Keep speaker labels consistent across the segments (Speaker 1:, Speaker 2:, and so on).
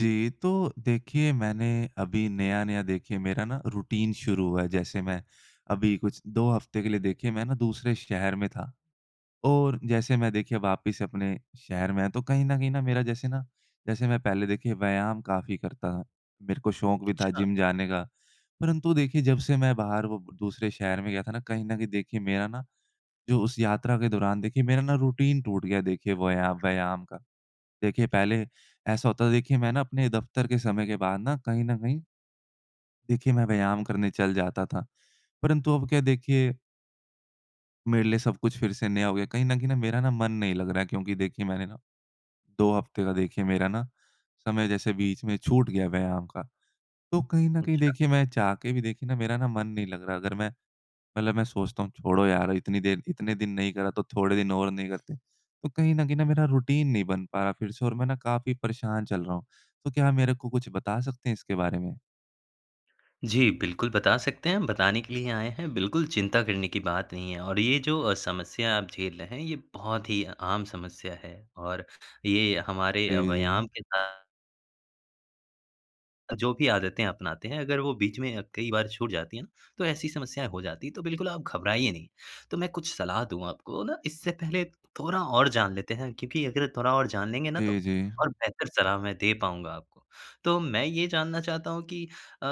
Speaker 1: जी। तो देखिए मैंने अभी नया-नया देखिए मेरा ना रूटीन शुरू हुआ है। जैसे मैं अभी कुछ 2 हफ़्ते के लिए देखिए मैं ना दूसरे शहर में था। और जैसे मैं देखिए वापस अपने शहर में आया। तो कहीं न कहीं न मेरा जैसे न, जैसे मैं पहले देखिए व्यायाम काफ़ी करता था। मेरे को शौक़ भी था
Speaker 2: अच्छा।
Speaker 1: जिम जाने का। परंतु देखिए जब से मैं बाहर वो दूसरे शहर में गया था ना कहीं न कहीं देखिए मेरा ना जो उस यात्रा के दौरान देखिए मेरा ना रूटीन टूट गया देखिए वया व्यायाम का। देखिए पहले ऐसा होता है देखिए मैं ना अपने दफ़्तर के समय के बाद न कहीं न कहीं देखिए मैं व्यायाम करने चल जाता था। परंतु अब क्या देखिए मेरे लिए सब कुछ फ़िर से नया हो गया। कहीं न कहीं न मेरा ना मन नहीं लग रहा है क्योंकि देखिए मैंने ना 2 हफ़्ते का देखिए मेरा ना समय जैसे बीच में छूट गया व्यायाम का। तो कहीं न कहीं
Speaker 2: अच्छा।
Speaker 1: देखिए मैं चाह के भी देखिए ना मेरा ना मन नहीं लग रहा। अगर मैं मतलब मैं सोचता हूँ छोड़ो यार इतनी देर इतने दिन नहीं करा तो थोड़े दिन और नहीं करते। तो कहीं न कहीं न मेरा रूटीन नहीं बन पाया फ़िर से और मैं ना काफ़ी परेशान चल रहा हूँ। तो क्या मेरे को कुछ बता सकते हैं इसके बारे में?
Speaker 2: जी। बिल्कुल बता सकते हैं। हम बताने के लिए ही आएँ हैं। बिल्कुल चिंता करने की बात नहीं है। और ये जो अ, समस्या आप झेल रहे हैं ये बहुत ही आम समस्या है और ये हमारे
Speaker 1: जी,
Speaker 2: व्यायाम
Speaker 1: जी।
Speaker 2: के [unintelligible] जो भी आदतें अपनाते हैं अगर वो बीच में अ, कई बार छूट जाती है ना तो ऐसी समस्याएँ हो जाती है तो बिल्कुल आप घबराइए नहीं। तो मैं कुछ सलाह दूँ आपको ना इससे पहले थोड़ा और जान लेते हैं क्योंकि अगर थोड़ा और जान लेंगे ना तो
Speaker 1: जी, जी।
Speaker 2: और बेहतर सलाह मैं दे पाऊँगा आपको। तो मैं ये जानना चाहता हूँ कि अ,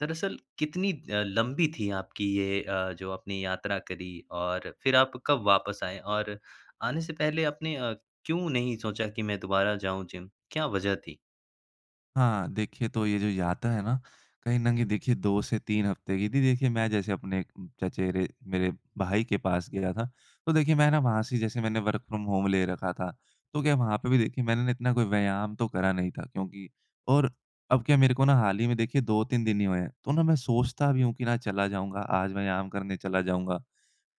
Speaker 2: दरअसल कितनी अ, लंबी थी आपकी ये अ, जो आपने यात्रा करी और फ़िर आप कब वापस आए और आने से पहले आपने अ, क्यों नहीं सोचा कि मैं दोबारा जाऊँ जिम? क्या वज़ह थी?
Speaker 1: हाँ, देखिए तो ये जो यात्रा है ना कहीं न कहीं देखिए 2 से 3 हफ़्ते की थी। देखिए मैं जैसे अपने एक चचेरे, मेरे भाई के पास गया था। तो देखिए मैं ना वहाँ से ही जैसे मैंने वर्क़ फ्रॉम होम ले रखा था। तो क्या वहाँ पे भी देखिए मैंने ना इतना कोई व्यायाम तो करा नहीं था क्योंकि और अब क्या मेरे को ना हाल ही में देखिए 2-3 दिन ही हुए हैं। तो ना मैं सोचता भी हूँ कि ना चला जाऊँगा आज व्यायाम करने चला जाऊँगा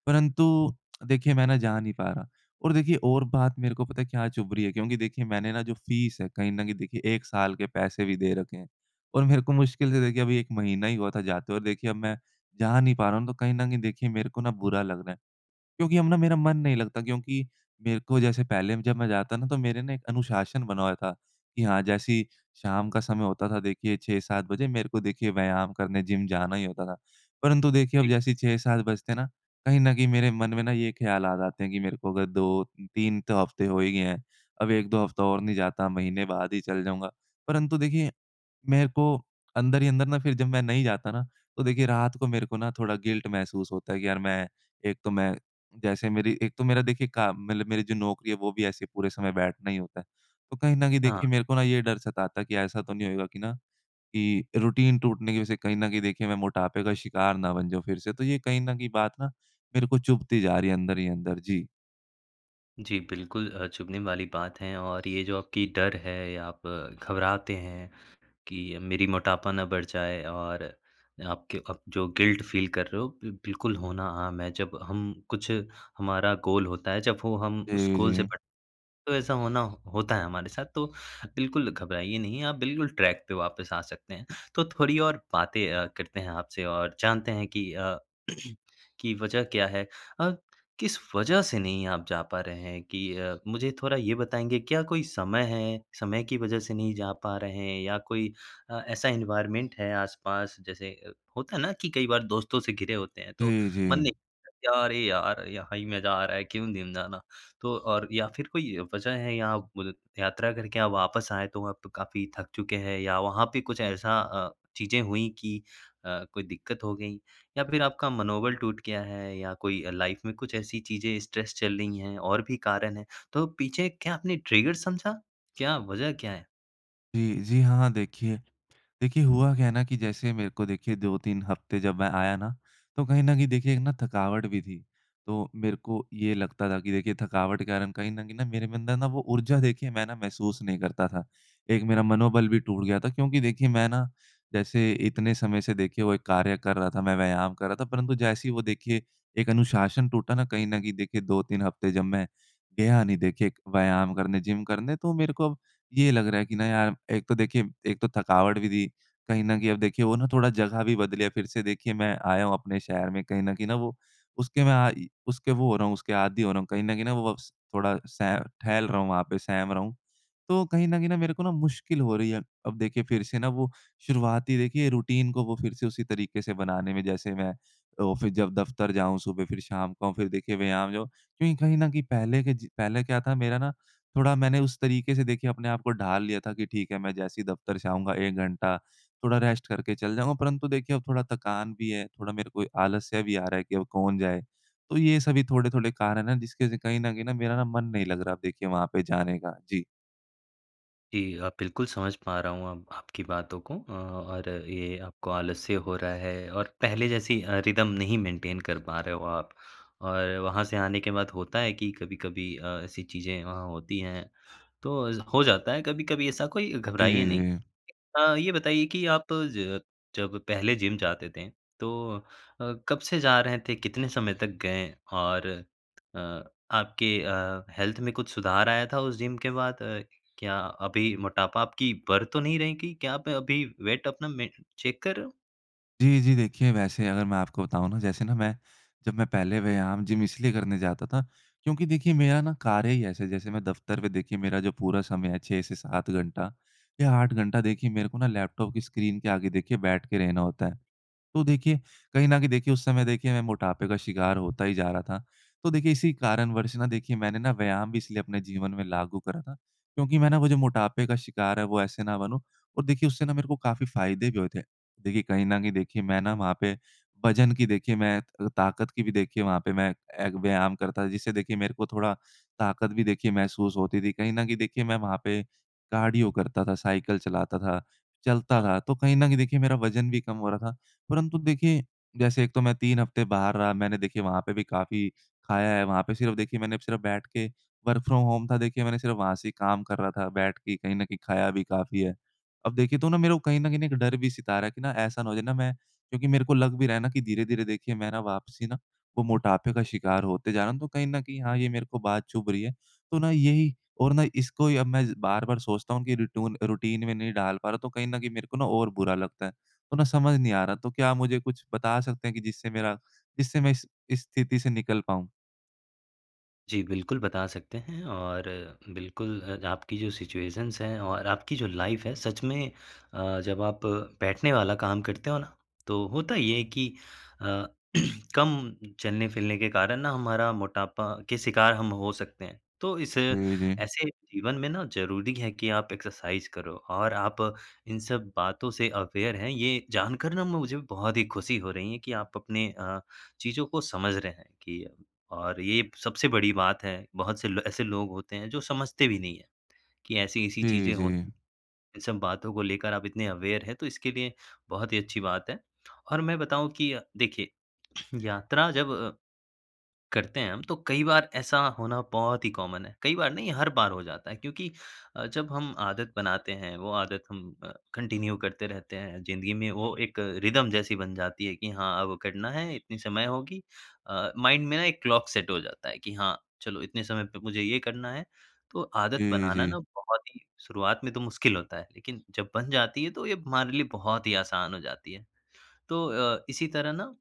Speaker 1: परंतु देखिए मैं ना जा नहीं पा रहा और देखिए और बात मेरे को पता है क्या चुभ रही है क्योंकि देखिए मैंने ना जो फ़ीस है कहीं न कहीं देखिए 1 साल के पैसे भी दे रखे हैं। और मेरे को मुश्किल से देखिए अभी 1 महीना ही हुआ था जाते हुए और देखिए अब मैं जा नहीं पा रहा हूँ तो कहीं न कहीं देखिए मेरे को ना बुरा लग रहा है। क्योंकि अब ना मेरा मन नहीं लगता क्योंकि मेरे को जैसे पहले अ, जब मैं जाता ना तो मेरे ना एक अनुशासन बना हुआ था कि हाँ, जैसे ही शाम का समय होता था देखिए 6-7 बजे मेरे को देखिए व्यायाम करने जिम जाना ही होता था। परंतु देखिए अब
Speaker 2: जी।
Speaker 1: जैसे 6-7 बजते हैं ना कहीं न कहीं मेरे मन में ना ये ख़्याल आ जाते हैं कि मेरे को अगर 2-3 तो हफ़्ते हुए ही हैं अब 1-2 हफ्ता और नहीं जाता महीने बाद ही चला जाऊँगा। परंतु देखिए मेरे को अंदर ही अंदर ना फ़िर जब मैं नहीं जाता ना तो देखिए रात को मेरे को ना थोड़ा गिल्ट महसूस होता है कि यार मैं एक तो मैं जैसे मेरी एक तो मेरा देखिए का मतलब मेरी जो नौकरी है वो भी ऐसे पूरे समय बैठना ही होता है। तो कहीं न कहीं
Speaker 2: हाँ।
Speaker 1: देखिए मेरे को ना ये डर सताता है कि ऐसा तो नहीं होगा कि ना कि रूटीन टूटने की वज़ह से कहीं न कहीं देखिए मैं मोटापे का शिकार न बन जाऊँ फ़िर से, तो ये कहीं न कहीं बात ना मेरे को चुभती जा रही है अंदर ही अंदर। जी।
Speaker 2: जी, बिल्कुल अ, चुभने वाली बात है और ये जो आपकी डर है या आप घबराते हैं कि मेरी मोटापा ना बढ़ जाए और आपके अप जो गिल्ट फ़ील कर रहे हो, बिल बिल्कुल होना आम है। जब हम कुछ हमारा गोल होता है, जब वो हम उस
Speaker 1: जी,
Speaker 2: गोल से
Speaker 1: जी।
Speaker 2: तो ऐसा होना होता है हमारे साथ, तो बिल्कुल, घबराइए नहीं, आप बिल्कुल ट्रैक पे वापिस आ सकते हैं। तो थोड़ी और बातें अ, करते हैं आपसे और जानते हैं कि अ, कि वजह क्या है? अ, किस वजह से नहीं आप जा पा रहे हैं? कि अ, मुझे थोड़ा ये बताएँगे? क्या कोई समय है, समय की वजह से नहीं जा पा रहे हैं या कोई अ, ऐसा एनवायरनमेंट है आस-पास? जैसे अ, होता है ना कि कई बार दोस्तों से घिरे होते हैं, तो
Speaker 1: जी,
Speaker 2: मन नहीं
Speaker 1: जी।
Speaker 2: "क्या? अरे! यार, यहाँ ही मज़ा आ रहा है, क्यों जिम जाना?" तो और या फिर कोई वजह है, यहाँ मुदित यात्रा करके आप वापस आए, तो वहाँ पे काफ़ी थक चुके हैं या वहाँ पे कुछ ऐसा अ, चीज़ें हुई कि अ, कोई दिक्कत हो गई या फिर आपका मनोबल टूट गया है या कोई अ, लाइफ़ में कुछ ऐसी चीज़ें, स्ट्रेस चल रही हैं और भी कारण हैं? तो पीछे क्या आपने ट्रिगर समझा? क्या वजह क्या है?
Speaker 1: जी, जी हाँ, देखिए, देखिए हुआ क्या है ना कि जैसे मेरे को देखिए 2-3 हफ़्ते जब मैं आया ना तो कहीं न कहीं देखिए एक ना थकावट भी थी। तो मेरे को ये लगता था कि देखिए थकावट क्या है ना कहीं न कहीं न मेरे में अंदर ना वो ऊर्जा देखिए मैं ना महसूस नहीं करता था। एक मेरा मनोबल भी टूट गया था क्योंकि देखिए मैं ना जैसे इतने समय से देखिए वो एक कार्य कर रहा था मैं व्यायाम कर रहा था परंतु जैसे ही वो देखिए एक अनुशासन टूटा ना कहीं न कहीं देखिए 2-3 हफ़्ते जब मैं गया नहीं देखिए एक व्यायाम करने, जिम करने तो मेरे को ये लग रहा है कि ना यार एक तो देखिए एक तो थकावट भी थी। कहीं न कहीं अब देखिए वो ना
Speaker 2: हाँ,
Speaker 1: थोड़ा
Speaker 2: हाँ।
Speaker 1: जगह भी बदली है फ़िर से देखिए मैं आया हूँ अपने शहर में कहीं न कहीं न वो उसके में आ इ उसके वो हो रहा हूँ उसके आदि हो रहा हूँ। कहीं न कहीं न वो वक्स थोड़ा सह ठहल रहा हूँ वहाँ पे सहम रहा हूँ, तो कहीं न कहीं मेरे को मुश्किल हो रही है। अब देखिए फ़िर से ना वो शुरुआती देखिए रूटीन को वो फ़िर से उसी तरीके से बनाने में जैसे मैं तो ऑफ़िस जब दफ़्तर जाऊँ सुबह फ़िर शाम को फ़िर देखिए व्यायाम जाऊँ। क्योंकि कहीं न कहीं पहले के ज पहले क्या था मेरा ना थोड़ा मैंने उस तरीके से देखिए अपने आप को ढाल लिया था कि ठीक है मैं जैसे ही दफ़्तर से आऊँगा 1 घंटा थोड़ा रेस्ट करके चल जाऊँगा। परंतु देखिए अब थोड़ा थकान भी है थोड़ा मेरे को आलस्य भी आ रहा है कि अब कौन जाए? तो ये सभी थोड़े-थोड़े कारण है ना, जिसके से कहीं न कहीं मेरा ना मन नहीं लग रहा अब देखिए वहाँ पे जाने का। जी।
Speaker 2: जी अ, बिल्कुल समझ पा रहा हूँ अ, आपकी बातों को अ, और ये आपको आलस्य हो रहा है और पहले जैसी अ, रिदम नहीं मेंटेन कर पा रहे हो आप और वहाँ से आने के बाद होता है कि कभी-कभी अ, ऐसी चीज़ें वहाँ होती हैं, तो हो जाता है कभी-कभी ऐसा, कोई
Speaker 1: जी,
Speaker 2: घबराइए नहीं।
Speaker 1: जी।
Speaker 2: हाँ, ये बताइए कि आप ज जब पहले जिम जाते थे, तो अ, कब से जा रहे थे, कितने समय तक गए और अ, आपके अ, हेल्थ में कुछ सुधार आया था उस जिम के बाद? अ, क्या अभी मोटापा आपकी बढ़ तो नहीं रही कहीं? क्या आप अभी वेट अपना मेन चेक कर रहे हो?
Speaker 1: जी, जी, देखिए, वैसे अगर मैं आपको बताऊँ ना, जैसे ना मैं जब मैं पहले व्यायाम जिम इसलिए करने जाता था क्योंकि देखिए, मेरा ना कार्य ही ऐसे है, जैसे मैं दफ्तर पे, देखिए, मेरा जो पूरा समय है, 6 से 7 घंटा या 8 घंटा, देखिए, मेरे को ना लैपटॉप की स्क्रीन के आगे देखिए बैठ के रहना होता है। तो देखिए, कहीं न कहीं देखिए, उस समय देखिए मैं मोटापे का शिकार होता ही जा रहा था, तो देखिए, इसी कारणवश ना, देखिए, मैंने ना व्यायाम भी इसलिए अपने जीवन में लागू करा था, क्योंकि मैं ना वो जो मोटापे का शिकार है, वो ऐसे ना बनूँ और देखिए, उससे ना मेरे को काफ़ी फ़ायदे भी हुए थे। देखिए, कहीं न कहीं, देखिए, मैं ना वहाँ पे वज़न की देखिए मैं त अ, ताकत की भी देखिए वहाँ पे मैं एक व्यायाम करता था, जिससे देखिए, मेरे को थोड़ा ताकत भी देखिए महसूस होती थी। कहीं न कहीं देखिए, मैं वहाँ पे कार्डियो करता था, साइकिल चलाता था, चलता
Speaker 2: हाँ।
Speaker 1: था, तो कहीं न कहीं देखिए, मेरा वज़न भी कम हो रहा था। परंतु देखिए, जैसे एक तो मैं 3 हफ़्ते बाहर रहा, मैंने देखिए वहाँ पे भी काफ़ी खाया है, वहाँ पे सिर्फ़, देखिए, मैंने सिर्फ बैठ के वर्क फ्रॉम होम था, देखिए, मैंने सिर्फ़ वहाँ से ही काम कर रहा था बैठ के, कहीं न कहीं खाया भी काफ़ी है। अब देखिए तो ना मेरे को कहीं न कहीं एक डर भी सता रहा कि ना, ऐसा ना हो जाए ना, मैं क्योंकि मेरे को लग भी रहा है ना कि धीरे-धीरे, देखिए, मैं ना वापसी ना वो मोटापे का शिकार होते जा रहा हूँ, तो कहीं न कहीं, हाँ, ये मेरे को बात चुभ रही है। तो ना यही और ना इसको ही अब मैं बार-बार सोचता हूँ कि रिटून रूटीन में नहीं डाल पा रहा, तो कहीं न कहीं मेरे को ना और बुरा लगता है। तो ना समझ नहीं आ रहा, तो क्या आप मुझे कुछ बता सकते हैं कि जिससे मेरा जिससे मैं इस इस स्थिति से निकल पाऊँ?
Speaker 2: जी, बिल्कुल बता सकते हैं और बिल्कुल अ, आपकी जो सिचुएशंस हैं और आपकी जो लाइफ है, सच में अ, जब आप बैठने वाला काम करते हो ना, तो होता ये है कि अ, कम चलने-फिलने के कारण ना हमारा मोटापा के शिकार हम हो सकते हैं। तो इस
Speaker 1: जी, जी।
Speaker 2: ऐसे जीवन में ना ज़रूरी है कि आप एक्सरसाइज़ करो। और आप इन सब बातों से अवेयर हैं, ये जानकर ना म मुझे बहुत ही खुशी हो रही हैं, कि आप अपने अ, चीज़ों को समझ रहे हैं कि और ये सबसे बड़ी बात है, बहुत से ल ऐसे लोग होते हैं, जो समझते भी नहीं है, कि ऐसी-ऐसी
Speaker 1: जी,
Speaker 2: चीज़ें हो
Speaker 1: जी।
Speaker 2: इन सब बातों को लेकर आप इतने अवेयर हैं, तो इसके लिए बहुत ही अच्छी बात है। और मैं बताऊँ कि अ, देखिए यात्रा जब अ, करते हैं हम, तो कई बार ऐसा होना बहुत ही कॉमन है, कईं बार नहीं, हर बार हो जाता है क्योंकि अ, जब हम आदत बनाते हैं, वो आदत हम अ, कंटिन्यू करते रहते हैं, ज़िंदगी में वो एक अ, रिदम जैसी बन जाती है कि हाँ, अब करना है, इतनी समय होगी। अ, माइंड में ना एक क्लॉक सेट हो जाता है, कि हाँ, चलो इतने समय पे मुझे ये करना है। तो आदत
Speaker 1: जी,
Speaker 2: बनाना
Speaker 1: जी।
Speaker 2: ना, बहुत ही शुरुआत में तो मुश्किल होता है। लेकिन जब बन जाती है, तो ये हमारे लिए बहुत ही आसान हो जाती है। तो अ, इसी तरह ना,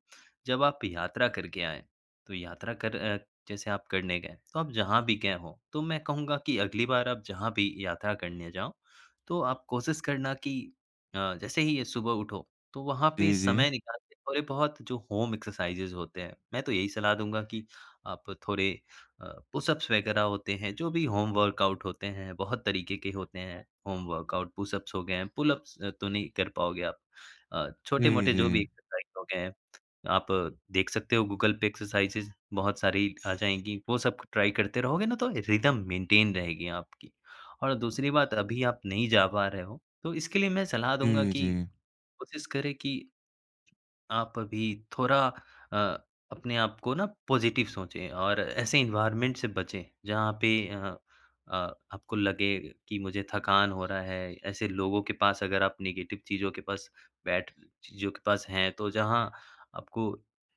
Speaker 2: जब आप यात्रा करके आएँ, तो यात्रा कर अ, जैसे आप करने गए। तो आप जहाँ भी गए हों, तो मैं कहूँगा कि अगली बार आप जहाँ भी यात्रा करने जाओ, तो आप कोशिश करना कि अ, जैसे ही ये सुबह उठो, तो वहाँ पे
Speaker 1: जी,
Speaker 2: समय
Speaker 1: जी।
Speaker 2: निकाल के थोड़े बहुत जो होम एक्सरसाइज़ेज़ होते हैं, मैं तो यही सलाह दूँगा कि आप थोड़े अ, पुशअप्स वगैरह होते हैं, जो भी होम वर्कआउट होते हैं। बहुत तरीके के होते हैं, होम वर्कआउट। पुशअप्स हो गए, पुलअप्स तो नहीं कर पाओगे आप। अ,
Speaker 1: जी,
Speaker 2: छोटे-मोटे जो भी
Speaker 1: जी।
Speaker 2: एक्सरसाइज़ हो गए हैं, आप देख सकते हो गूगल पे एक्सरसाइज़ेज़ बहुत सारी आ जाएँगी। वो सब ट्राई करते रहोगे ना, तो रिदम मेंटेन रहेगी आपकी। और दूसरी बात अभी आप नहीं जा पा रहे हो, तो इसके लिए मैं सलाह दूँगा
Speaker 1: जी,
Speaker 2: कि
Speaker 1: जी।
Speaker 2: कोशिश करें कि, आप अभी थोड़ा अ, अपने आप को ना पॉजिटिव सोचें और ऐसे एनवायरनमेंट से बचें जहाँ पे अ अ, आपको लगे कि मुझे थकान हो रहा है। ऐसे लोगों के पास अगर आप नेगेटिव चीज़ों के पास बैठ चीज़ों के पास हैं, तो जहाँ आपको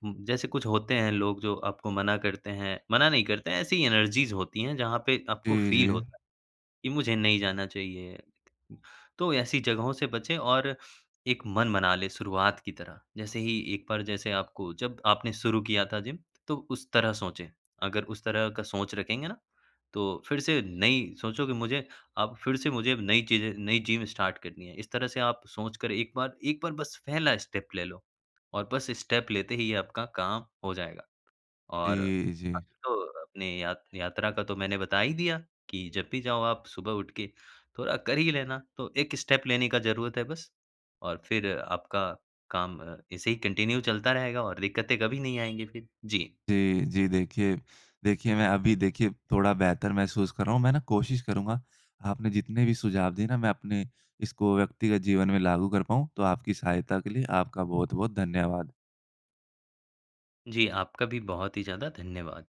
Speaker 2: हु जैसे कुछ होते हैं, लोग जो आपको मना करते हैं, मना नहीं करते हैं ऐसी एनर्जीज़ होती हैं, जहाँ पे आपको
Speaker 1: जी,
Speaker 2: फ़ील
Speaker 1: जी।
Speaker 2: होता है, कि मुझे नहीं जाना चाहिए। तो ऐसी जगहों से बचें और एक मन बना लें शुरुआत की तरह, जैसे ही, एक बार जैसे आपको जब आपने शुरू किया था जिम तो उस तरह सोचें, अगर उस तरह का सोच रखेंगे ना, तो फिर से नई सोचो कि मुझे अब फिर से मुझे अब नई चीज़ें नई जिम स्टार्ट करनी है। इस तरह से आप सोच कर 1 बार 1 बार बस पहला स्टेप ले लो और बस स्टेप लेते ही आपका काम हो जाएगा और
Speaker 1: जी, जी।
Speaker 2: अभी तो अपनी यात यात्रा का तो मैंने बता ही दिया, कि जब भी जाओ आप सुबह उठ के थोड़ा कर ही लेना, तो 1 स्टेप लेने का ज़रुरत है बस और फिर आपका काम अ, ऐसे ही कंटिन्यू चलता रहेगा और दिक्कतें कभी नहीं आएँगी फिर। जी।
Speaker 1: जी, जी, देखिए, देखिए, मैं अभी देखिए थोड़ा बेहतर महसूस कर रहा हूँ, मैं ना कोशिश करूँगा, आपने जितने भी सुझाव दिए ना मैं अपने, इसको व्यक्तिगत जीवन में लागू कर पाऊँ। तो आपकी सहायता के लिए आपका बहुत-बहुत धन्यवाद।
Speaker 2: जी, आपका भी बहुत ही ज़्यादा धन्यवाद।